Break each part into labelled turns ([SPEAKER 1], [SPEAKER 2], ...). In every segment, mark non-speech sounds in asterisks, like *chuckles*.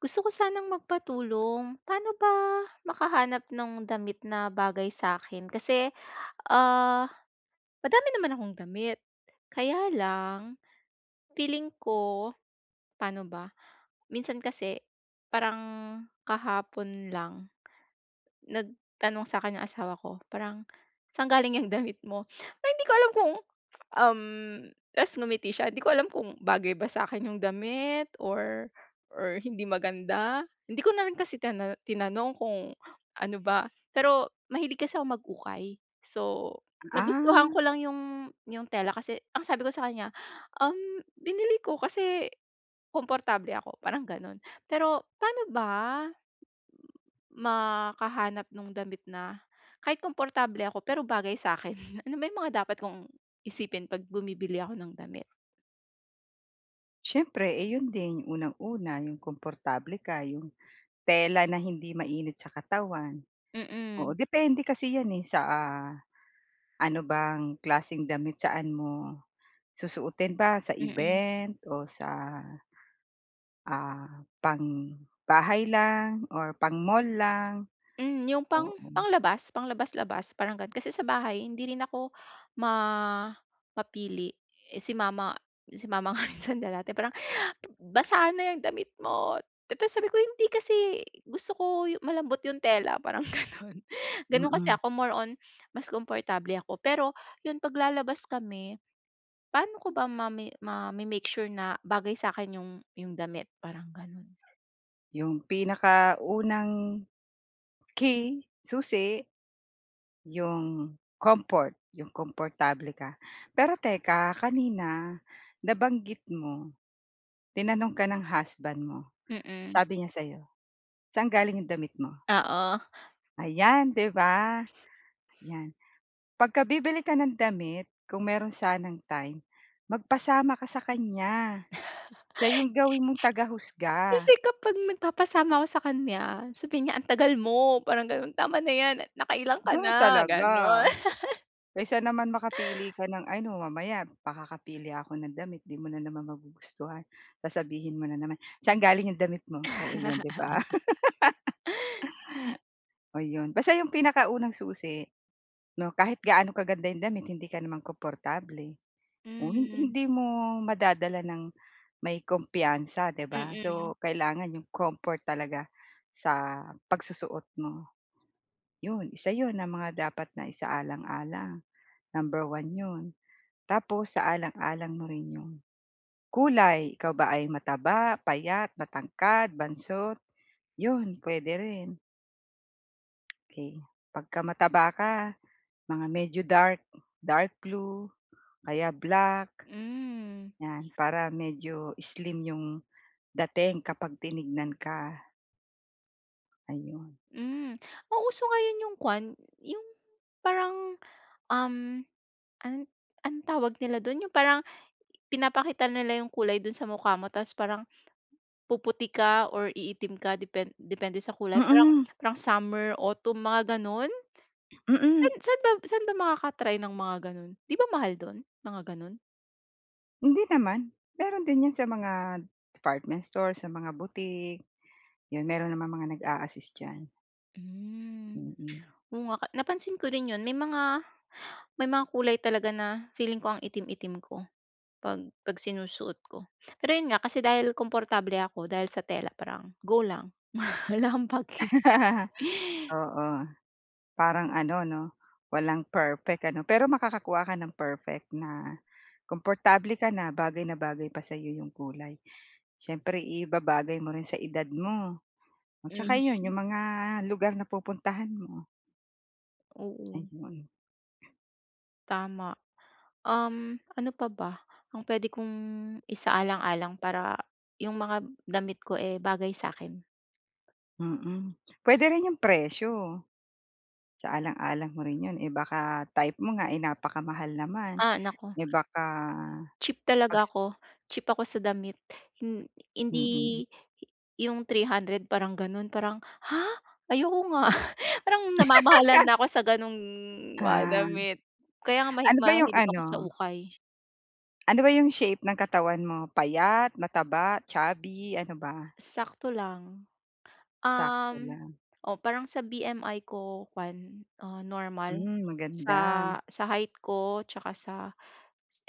[SPEAKER 1] Gusto ko sanang magpatulong pa'no ba makahanap ng damit na bagay sa'kin kasi, ah, madami naman akong damit kaya lang feeling ko, pa'no ba minsan kasi parang kahapon lang nagtanong sa'kin yung asawa ko parang "saan galing ng damit mo?" Hindi ko alam kung, um, tapos ngumiti siya hindi ko alam kung bagay ba sa'kin yung damit or or hindi maganda hindi ko na rin kasi tina tinanong kung ano ba pero mahilig kasi ako mag-ukay. So, nagustuhan ko
[SPEAKER 2] Ah.
[SPEAKER 1] lang yung yung tela kasi ang sabi ko sa kanya, um, "Binili ko kasi, komportable ako," parang ganun. Pero pa'no ba makahanap nung damit na kahit komportable ako pero bagay sa'kin? Ano ba yung mga dapat kong isipin pag bumibili ako ng damit?
[SPEAKER 2] Siyempre, eh, yun din unang-una yung komportable ka yung tela na hindi mainit sa katawan. Oo
[SPEAKER 1] Mm.
[SPEAKER 2] depende kasi 'yan, eh, sa, ah, ano bang klaseng damit saan mo susuutin ba sa
[SPEAKER 1] Mm.
[SPEAKER 2] event o sa, ah, pang bahay lang or pang mall lang?
[SPEAKER 1] Mm, yung pang
[SPEAKER 2] Oh, hmm.
[SPEAKER 1] panglabas panglabas-labas parang gano'n kasi sa bahay hindi rin ako ma mapili. Eh, si mama, si mama nga *chuckles* minsan kaya dati parang, "Basahan na 'yang damit mo," tapos sabi ko, "hindi kasi gusto ko malambot yung tela parang," ganun. *chuckles* Ganun kasi
[SPEAKER 2] Mm.
[SPEAKER 1] ako, more on mas komportable ako pero yung pag lalabas kami pa'no ko ba mami mame-make sure na bagay sa'kin yung yung damit parang ganun?
[SPEAKER 2] Yung pinakaunang key, susi. Yung comfort, yung komportable ka. Pero teka kanina nabanggit mo, tinanong ka ng husband mo
[SPEAKER 1] Mm.
[SPEAKER 2] sabi niya sa'yo "saan galing 'yong damit mo?"
[SPEAKER 1] Oo.
[SPEAKER 2] Ayan 'di ba? Yan pag ka bibili ka ng damit kung meron sanang time magpasama ka sa kanya, siya
[SPEAKER 1] *chuckles*
[SPEAKER 2] 'yong gawin mong
[SPEAKER 1] Kasi
[SPEAKER 2] tagahusga.
[SPEAKER 1] kapag nagpapasama ako sa kanya sabihin niya, "ang tagal mo" parang ganun tama na 'yan nakailan ka
[SPEAKER 2] Ganun
[SPEAKER 1] na
[SPEAKER 2] talaga.
[SPEAKER 1] gano'n. *chuckles*
[SPEAKER 2] Kaysa naman makapili
[SPEAKER 1] *gasps*
[SPEAKER 2] ka ng ano, "Mamaya pakakapili ako ng damit 'di mo na naman magugustuhan, sasabihin mo na naman 'saan galing 'yong damit' mo," oo 'yon 'di ba?
[SPEAKER 1] *chuckles*
[SPEAKER 2] *laughs* Oh, 'yon basta 'yong pinakaunang susi 'no, kahit gaano kaganda yung damit hindi ka naman komportable. Oh, hin
[SPEAKER 1] Hmm.
[SPEAKER 2] hindi mo madadala ng may kumpiyansa, 'di ba?
[SPEAKER 1] Mm.
[SPEAKER 2] So, kailangan 'yong comfort talaga sa pagsusuot mo, 'yon isa 'yon na mga dapat na isaalang-alang number 1 'yon. Tapos isaalang-alang mo rin yung kulay ikaw ba ay mataba, payat, matangkad, bansot yun puwede rin. 'Key, pagka mataba ka mga medyo dark. Dark blue o kaya black.
[SPEAKER 1] Hmm.
[SPEAKER 2] 'Yan para medyo slim 'yong dating kapag tinignan ka. Ayun.
[SPEAKER 1] Hmm. Ang uso ngayon 'yung kuwan, 'yung parang, um, ano anong tawag nila do'n 'yung parang pinapakita nila yung kulay do'n sa mukha mo tas parang puputi ka or iitim ka depen depende sa kulay? Parang
[SPEAKER 2] Mm.
[SPEAKER 1] parang summer autumn mga gano'n?
[SPEAKER 2] Mm.
[SPEAKER 1] Saan saan ba saan ba makaka-try ng mga gano'n? 'Di ba, mahal do'n mga gano'n?
[SPEAKER 2] Hindi naman. Meron din 'yan sa mga department store, sa mga boutique. Yun meron namang mga nag-aasist diyan.
[SPEAKER 1] Hmm.
[SPEAKER 2] Mm.
[SPEAKER 1] Oo nga ka napansin ko rin yun. May mga may mga kulay talaga na feeling ko ang itim-itim ko 'pag 'pag sinusuot ko. Pero yun nga kasi dahil komportable ako dahil sa tela, parang go lang. Wala 'kong paki.
[SPEAKER 2] *laughs* Oo. Parang ano, 'no, walang perfect ano, pero makakakuha ka ng perfect na komportable ka na bagay na bagay pa sa'yo 'yong kulay. Siyempre ibabagay mo rin sa edad mo. At saka 'yon,
[SPEAKER 1] Mhm.
[SPEAKER 2] 'yong mga lugar na pupuntahan mo.
[SPEAKER 1] Oo.
[SPEAKER 2] Ayun.
[SPEAKER 1] Tama. Um, ano pa ba, ang puwede kong isaalang-alang para yung mga damit ko, eh, bagay sa akin?
[SPEAKER 2] Mm. Puwede rin yung presyo isaalang-alang mo rin yun. Eh, baka type mo nga, eh, napakamahal naman.
[SPEAKER 1] Ah, naku.
[SPEAKER 2] Eh, baka
[SPEAKER 1] Cheap talaga
[SPEAKER 2] pags
[SPEAKER 1] ako, cheap ako sa damit. Hin
[SPEAKER 2] Mm.
[SPEAKER 1] hindi, hi yung 300 parang gano'n, parang, "Ha? Ayoko nga." *chuckles* Parang namamahalan
[SPEAKER 2] *laughs*
[SPEAKER 1] na ako sa ganung mga
[SPEAKER 2] Ah.
[SPEAKER 1] damit. Kaya nga mahi
[SPEAKER 2] Ano ba yung
[SPEAKER 1] mahilig ako sa
[SPEAKER 2] ano?
[SPEAKER 1] ukay.
[SPEAKER 2] Ano ba yung shape ng katawan mo? Payat, mataba, chubby, ano ba?
[SPEAKER 1] Sakto lang.
[SPEAKER 2] Sakto
[SPEAKER 1] Uhm,
[SPEAKER 2] lang.
[SPEAKER 1] oh, parang sa BMI ko kuwan, ah, normal,
[SPEAKER 2] Hmm. Maganda.
[SPEAKER 1] sa sa height ko tsaka sa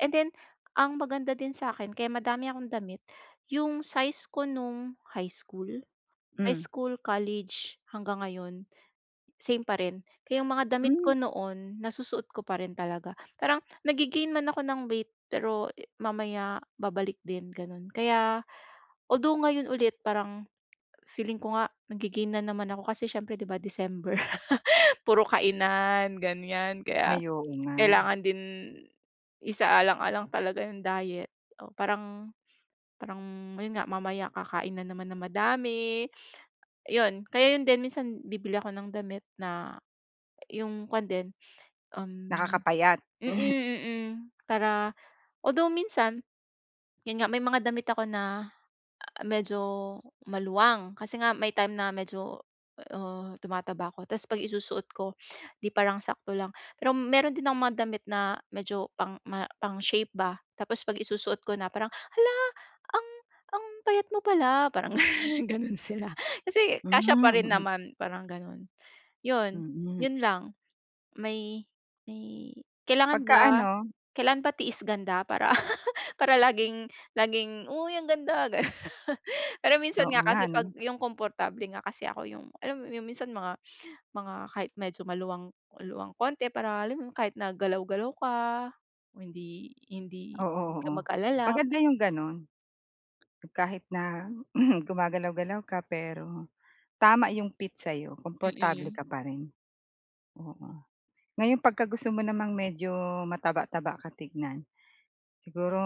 [SPEAKER 1] and then, ang maganda din sa'kin, kaya madami akong damit, yung size ko nung high school, high
[SPEAKER 2] Hmm.
[SPEAKER 1] school, college, hanggang ngayon, same pa rin. Kaya yung mga damit
[SPEAKER 2] Hmm.
[SPEAKER 1] ko noon, nasusuot ko pa rin talaga. Parang nagge-gain man ako ng weight, pero mamaya babalik din, gano'n. Kaya although ngayon ulit, parang feeling ko nga, nagge-gain na naman ako kasi siyempre di ba December, *laughs* puro kainan ganiyan, kaya
[SPEAKER 2] Ay, oo nga.
[SPEAKER 1] kailangan din isaalang-alang talaga yung diet. Oh, parang parang yun nga, mamaya kakain na naman ng madami, 'yon. Kaya yun din minsan, bibili ako ng damit na yung kuwan din, um
[SPEAKER 2] Nakakapayat.
[SPEAKER 1] mm,
[SPEAKER 2] *clears throat*
[SPEAKER 1] mm, para although minsan, yun nga may mga damit ako na a medyo maluwang. Kasi nga may time na medyo, uh, tumataba ako ta's 'pag isusuot ko, 'di parang sakto lang. Pero meron din akong mga damit na medyo pang ma pang shape ba, tapos 'pag isusuot ko na, parang "hala, ang ang payat mo pala", parang ganun sila kasi kasya pa
[SPEAKER 2] Hmm,
[SPEAKER 1] rin
[SPEAKER 2] mm.
[SPEAKER 1] naman, parang gano'n. 'Yon,
[SPEAKER 2] Mm.
[SPEAKER 1] yun lang. May may kailangan
[SPEAKER 2] Pagka
[SPEAKER 1] ba
[SPEAKER 2] ano?
[SPEAKER 1] kailangan ba tiis ganda para *laughs* para laging, laging, "uy, ang ganda," ganun. Pero minsan nga
[SPEAKER 2] Oo nga
[SPEAKER 1] kasi 'pag
[SPEAKER 2] ano.
[SPEAKER 1] yung komportable nga kasi ako, yung alam mo yung minsan mga mga kahit medyo maluwang-luwang konti, para alam yun, kahit na galaw-galaw ka, hindi hindi
[SPEAKER 2] Oo.
[SPEAKER 1] hindi ka
[SPEAKER 2] Oo,
[SPEAKER 1] mag-alala pa
[SPEAKER 2] maganda yung ganun. Kahit na *clears throat* gumagalaw-galaw ka, pero tama yung fit sa'yo, komportable
[SPEAKER 1] Mm.
[SPEAKER 2] ka pa rin. Oo. Ngayon pagka gusto mo namang medyo mataba-taba ka tignan, siguro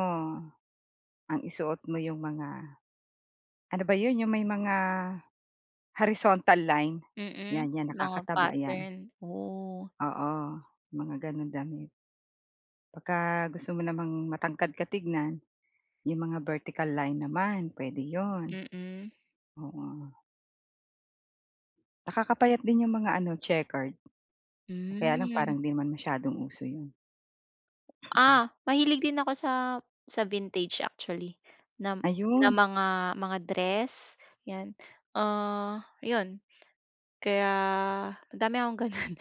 [SPEAKER 2] ang isuot mo yung mga ano ba 'yon, yung may mga horizontal line, 'yan,
[SPEAKER 1] Mm,
[SPEAKER 2] 'yan,
[SPEAKER 1] mga
[SPEAKER 2] nakakataba 'yan.
[SPEAKER 1] pattern. Oh.
[SPEAKER 2] Oo, mga ganung damit. Baka gusto mo namang matangkad ka tignan, yung mga vertical line naman, puwede 'yon.
[SPEAKER 1] Mm.
[SPEAKER 2] Oo. Nakakapayat din yung mga ano checkered. O kaya lang
[SPEAKER 1] Mm.
[SPEAKER 2] parang 'di naman masyadong uso yun. Mm.
[SPEAKER 1] Ah, mahilig din ako sa sa vintage actually. Na na
[SPEAKER 2] Ayun.
[SPEAKER 1] mga mga dress yan. Ah 'yon. Kaya madami akong ganun.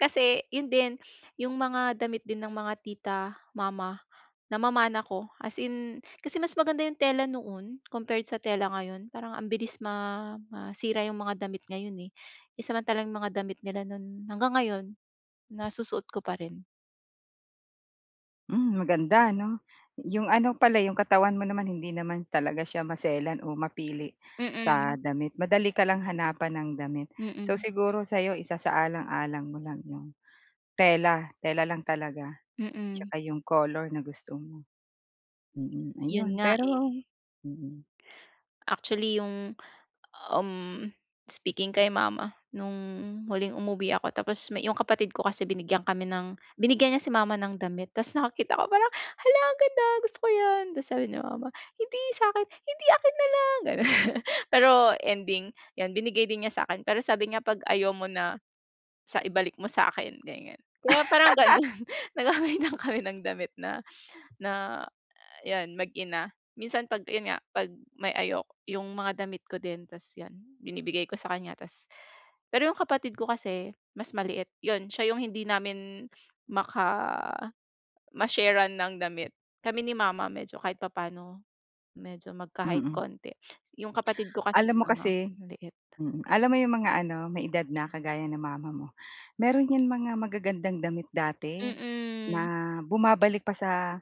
[SPEAKER 1] Kasi, yun din, yung mga damit din ng mga tita, mama, namamana ko. As in, kasi mas maganda yung tela noon compared sa tela ngayon. Parang ang bilis ma masira yung mga damit ngayon eh. Eh, samantalang yung mga damit nila noon hanggang ngayon, nasusuot ko pa rin.
[SPEAKER 2] Mm, maganda 'no? 'Yong ano pala, 'yong katawan mo naman hindi naman talaga siya maselan o mapili sa
[SPEAKER 1] Mm.
[SPEAKER 2] damit. Madali ka lang hanapan ng damit. So
[SPEAKER 1] Mm.
[SPEAKER 2] siguro sa'yo isasaalang-alang mo lang yong tela tela lang talaga.
[SPEAKER 1] Mm.
[SPEAKER 2] Tsaka iyong color na gusto mo. Mm,
[SPEAKER 1] Yun
[SPEAKER 2] ayun.
[SPEAKER 1] nga
[SPEAKER 2] Pero
[SPEAKER 1] eh.
[SPEAKER 2] mm.
[SPEAKER 1] Actually yung um, speaking kay mama, nung huling umuwi ako tapos me yung kapatid ko kasi binigyan kami ng binigyan niya si mama ng damit. Tas nakakita ko parang, "Hala, ang ganda! Gusto ko yan!" Tas sabi ni mama, "Hindi, sa akin." "Hindi akin na lang," gano'n. Pero ending, yan binigay din niya sa akin pero sabi niya pag ayaw mo na, sa ibalik mo sa akin ganyan. Kaya parang ganoon nagpapalitan kami ng damit na na yan, mag-ina. Minsan pag yun nga pag may ayok yung mga damit ko din tas 'yon binibigay ko sa kanya. Tas pero yung kapatid ko kasi, mas maliit. 'Yon siya yung hindi namin maka ma-share-an ng damit. Kami ni mama medyo kahit papaano, medyo magka-height
[SPEAKER 2] Mm.
[SPEAKER 1] konti. Yung kapatid ko kasi
[SPEAKER 2] Alam mo
[SPEAKER 1] nga
[SPEAKER 2] kasi
[SPEAKER 1] maliit.
[SPEAKER 2] mm, alam mo 'yong mga ano may edad na kagaya ng mama mo, meron yan mga magagandang damit dati,
[SPEAKER 1] Mm.
[SPEAKER 2] na bumabalik pa sa,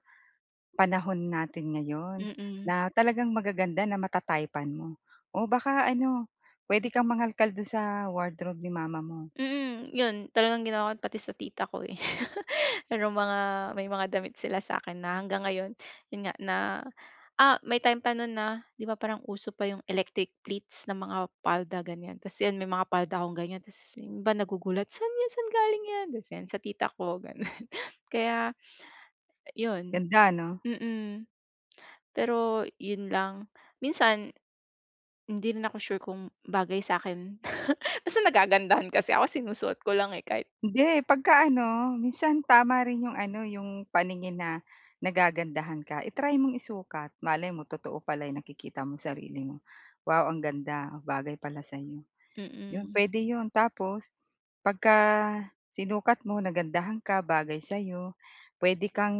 [SPEAKER 2] panahon natin ngayon.
[SPEAKER 1] Mm.
[SPEAKER 2] Na talagang magaganda na mata-type-an mo. O baka ano, pwede kang mangalkal doon sa wardrobe ni mama mo.
[SPEAKER 1] Mm. 'Yon talagang ginawa ko pati sa tita ko eh. *chuckles* Merong mga may mga damit sila sa akin na hanggang ngayon, yun nga, na ah, may time pa noon na 'di ba parang uso pa yung electric pleats ng mga palda ganyan. Tas yan may mga palda kong ganyan. Tas yung iba nagugulat, "Saan yan, saan galing yan?" Tas yan, "Sa tita ko." Ganun. Kaya 'yon
[SPEAKER 2] Ganda 'no?
[SPEAKER 1] Mm. Pero yun lang. Minsan hindi rin ako sure kung bagay sa akin. Basta nagagandahan kasi ako sinusuot ko lang eh kahit
[SPEAKER 2] Hindi. Pagka ano, minsan tama rin 'yong ano 'yong paningin na nagagandahan ka. I-try mong isukat. Malay mo totoo pala yung nakikita mong sarili mo. "Wow, ang ganda. Bagay pala sa iyo." 'Yon,
[SPEAKER 1] Mm.
[SPEAKER 2] pwede 'yon. Tapos, pagka, sinukat mo nagandahan ka bagay sa'yo, pwede kang,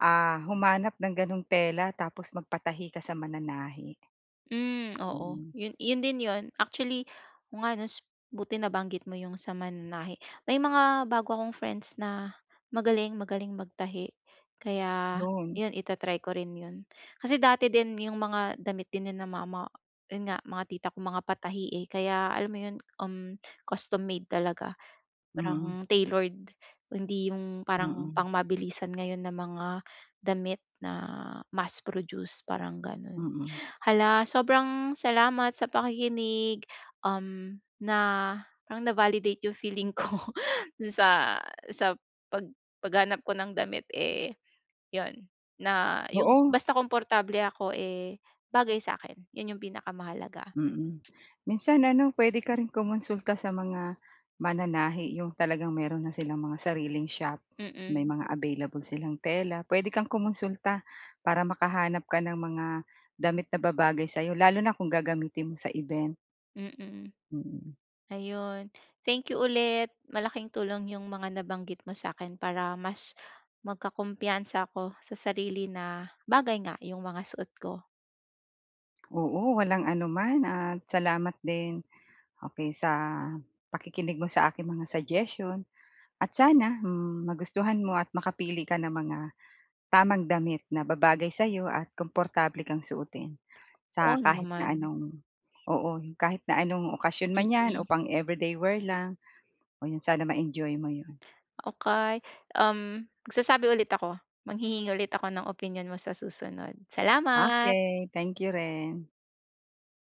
[SPEAKER 2] ah, humanap ng gano'ng tela tapos magpatahi ka sa mananahi.
[SPEAKER 1] Mm, oo.
[SPEAKER 2] Mm.
[SPEAKER 1] Yun yun din yun. Actually, oo nga nos Buti nabanggit mo yung sa mananahi. May mga bago akong friends na magaling magaling magtahi. Kaya,
[SPEAKER 2] Yun.
[SPEAKER 1] 'yon ita-try ko rin yun. Kasi dati din yung mga damit din nina mama, yun nga, mga tita ko, mga patahi eh kaya alam mo yun um, custom-made talaga.
[SPEAKER 2] Mm.
[SPEAKER 1] Parang tailored. Hindi yung parang
[SPEAKER 2] Mm.
[SPEAKER 1] pang mabilisan ngayon na mga damit na mass-produced parang gano'n.
[SPEAKER 2] Mm.
[SPEAKER 1] Hala, sobrang salamat sa pakikinig. Um, na parang na-validate yung feeling ko doon sa sa pag paghanap ko ng damit eh 'yon na yung
[SPEAKER 2] Oo.
[SPEAKER 1] basta komportable ako eh, bagay sa akin. Yun yung pinakamahalaga.
[SPEAKER 2] Mm. Minsan ano, pwede ka rin kumonsulta sa mga mananahi, 'yong talagang meron na silang mga sariling shop. May
[SPEAKER 1] Mm.
[SPEAKER 2] mga available silang tela. Pwede kang kumonsulta, para makahanap ka ng mga damit na babagay sa'yo lalo na kung gagamitin mo sa event.
[SPEAKER 1] Mm.
[SPEAKER 2] Mm.
[SPEAKER 1] Ayun. Thank you ulit. Malaking tulong yung mga nabanggit mo sa'kin para mas, magkakumpiyansa ako sa sarili na bagay nga, yung mga suot ko.
[SPEAKER 2] Oo, walang anuman at salamat din, okey, sa pakikinig mo sa aking mga suggestion. At sana, magustuhan mo at makapili ka ng mga tamang damit na babagay sa'yo at komportable kang suotin. Sa
[SPEAKER 1] Oo
[SPEAKER 2] kahit na
[SPEAKER 1] naman.
[SPEAKER 2] anong oo, kahit na anong okasyon man yan o
[SPEAKER 1] Mm.
[SPEAKER 2] pang everyday wear lang, o 'yon sana ma-enjoy mo 'yon.
[SPEAKER 1] Okey. Um, magsasabi ulit ako. Manghihingi ulit ako ng opinyon mo sa susunod. Salamat.
[SPEAKER 2] Okey, thank you rin.